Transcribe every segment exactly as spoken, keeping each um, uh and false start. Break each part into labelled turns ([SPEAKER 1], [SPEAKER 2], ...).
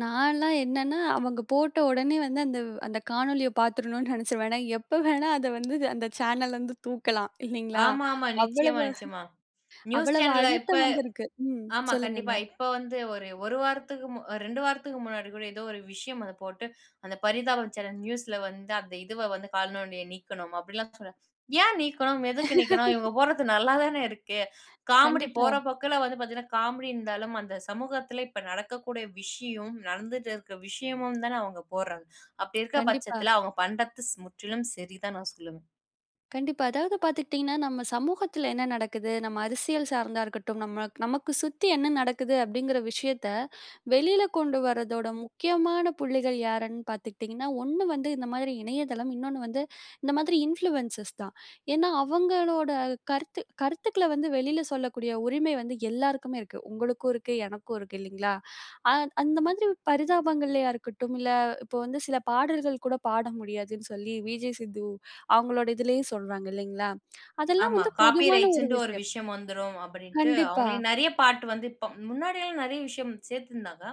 [SPEAKER 1] நான்லாம் என்னன்னா அவங்க போட்ட உடனே வந்து அந்த அந்த காணொளிய பார்த்துரணும்னு நினைச்சிருவேன். ஏன்னா, எப்ப வேணா அத வந்து அந்த சேனல் வந்து தூக்கலாம். இல்லைங்களா?
[SPEAKER 2] ஆமாமா.
[SPEAKER 1] அவ்வளவு
[SPEAKER 2] நிச்சயமா, நிச்சயமா! நியூஸ்
[SPEAKER 1] அவ்வளவு
[SPEAKER 2] சேனல்ல இப்ப
[SPEAKER 1] அழுத்தம் வந்திருக்கு. ம்,
[SPEAKER 2] ஆமா கண்டிப்பா,
[SPEAKER 1] சொல்லுங்கங்க.
[SPEAKER 2] இப்ப வந்து ஒரு ஒரு வாரத்துக்கு மு ரெண்டு வாரத்துக்கு முன்னாடி கூட ஏதோ ஒரு விஷயம் அத போட்டு, அந்த பரிதாபம் சேனல் நியூஸ்ல வந்து அந்த இதுவ வந்து கால்நொடிய நீக்கணும். அப்படிலாம் சொல்ல ஏன் நீக்கணும்? எதுக்கு நீக்கணும்? இவங்க போடறது நல்லாதானே இருக்கு. காமெடி
[SPEAKER 1] கண்டிப்பா.
[SPEAKER 2] போற போக்குல வந்து பார்த்தீங்கன்னா காமெடி இருந்தாலும் அந்த சமூகத்தில இப்ப நடக்கக்கூடிய விஷயம் நடந்துட்டு இருக்க விஷயமும் தான அவங்க போடுறாங்க? அப்படி இருக்க
[SPEAKER 1] கண்டிப்பா.
[SPEAKER 2] பட்சத்தில அவங்க பண்ணுறது முற்றிலும் சரிதான் நான் சொல்லுவேன்.
[SPEAKER 1] கண்டிப்பா, அதாவது பார்த்துக்கிட்டீங்கன்னா, நம்ம சமூகத்தில என்ன நடக்குது. நம்ம அரசியல் சார்ந்தா இருக்கட்டும். நம்ம நமக்கு சுத்தி என்ன நடக்குது அப்படிங்கிற விஷயத்த, வெளில கொண்டு வருவதோட முக்கியமான புள்ளிகள் யார்ன்னு பார்த்துக்கிட்டீங்கன்னா, ஒன்னு வந்து இந்த மாதிரி இணையதளம், இன்னொன்னு வந்து இந்த மாதிரி இன்ஃப்ளூயன்ஸ் தான். ஏன்னா அவங்களோட கருத்து கருத்துக்கள வந்து வெளில சொல்லக்கூடிய உரிமை வந்து எல்லோருக்குமே இருக்கு. உங்களுக்கும் இருக்கு. எனக்கும் இருக்கு. இல்லைங்களா? அ அந்த மாதிரி பரிதாபங்கள்லயா இருக்கட்டும், இல்ல இப்ப வந்து சில பாடல்கள் கூட பாட முடியாதுன்னு சொல்லி 'விஜே சித்து' அவங்களோட இதிலயும் சொல்றாங்க இல்லைங்களா? அதெல்லாம்
[SPEAKER 2] ஆமா
[SPEAKER 1] வந்து
[SPEAKER 2] காப்பி
[SPEAKER 1] பொதுவான ஒரு
[SPEAKER 2] ரைட்ஸ்ன்னுட்டு ஒரு
[SPEAKER 1] விஷயம்.
[SPEAKER 2] விஷயம் வந்துரும். அப்படின்னுட்டு,
[SPEAKER 1] கண்டிப்பா.
[SPEAKER 2] அவங்களே நிறைய பாட்டு வந்து இப்ப முன்னாடிலாம் நிறைய விஷயம் சேர்த்துருந்தாங்க.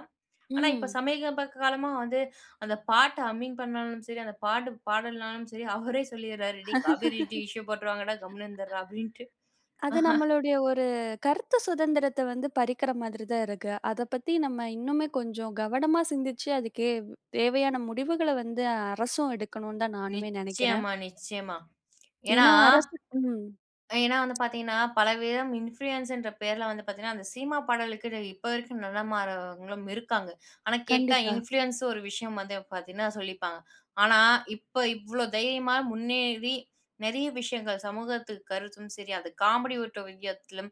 [SPEAKER 2] ஆனா இப்ப
[SPEAKER 1] ம்.
[SPEAKER 2] சமீப காலமா வந்து அந்த பாட்ட ஹம்மிங் பண்ணாலும் சரி, அந்த பாட்டு பாடலனாலும் சரி, அவரே சொல்லிடுறாரு "டே காப்பி ரைட் இஷ்யூ போடுருவாங்கடா! கம்முனு இருந்துர்டா" அப்படின்ட்டு.
[SPEAKER 1] அது நம்மளுடைய ஒரு கருத்து சுதந்திரத்த வந்து பறிக்கிற மாதிரி தான் இருக்கு. அத பத்தி நம்ம இன்னுமே கொஞ்சம் கவனமா சிந்திச்சு, அதுக்கு தேவையான முடிவுகள வந்து அரசும் எடுக்கணும்ன்னு தான் நானுமே நினைக்கிறேன்.
[SPEAKER 2] நிச்சயமா! நிச்சயமா! ஏன்னா
[SPEAKER 1] ஏன்னா, அரசு ம்.
[SPEAKER 2] ஏன்னா வந்து பார்த்தீங்கன்னா, பலவிதம் இன்ஃப்ளூயன்ஸ்ன்ற பேர்ல வந்து பார்த்தீங்கன்னா, அந்த சினிமா பாடலுக்கு, இப்ப வரைக்கும் நிலமாறவங்களும் இருக்காங்க. ஆனா கேட்டா
[SPEAKER 1] கண்டிப்பா.
[SPEAKER 2] இன்ஃப்ளூயன்ஸ் ஒரு விஷயம் வந்து பார்த்தீங்கன்னா சொல்லிப்பாங்க, ஆனா இப்ப இவ்ளோ தைரியமா, முன்னேறி, நிறைய விஷயங்கள் சமூகத்துக்கு கருத்தும் சரி, அது காமெடி ஒட்டு வியத்துலயும்.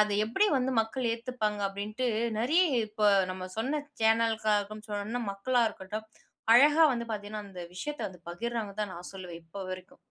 [SPEAKER 2] அத எப்படி வந்து மக்கள் ஏத்துப்பாங்க அப்படின்ட்டு, நிறைய இப்ப நம்ம சொன்ன சேனல்க்காக சொன்னனா மக்களா இருக்கட்டும். அழகா வந்து பார்த்தீங்கன்னா, அந்த விஷயத்த வந்து பகிர்றாங்கன்னு தான் நான் சொல்வேன் இப்ப வரைக்கும்.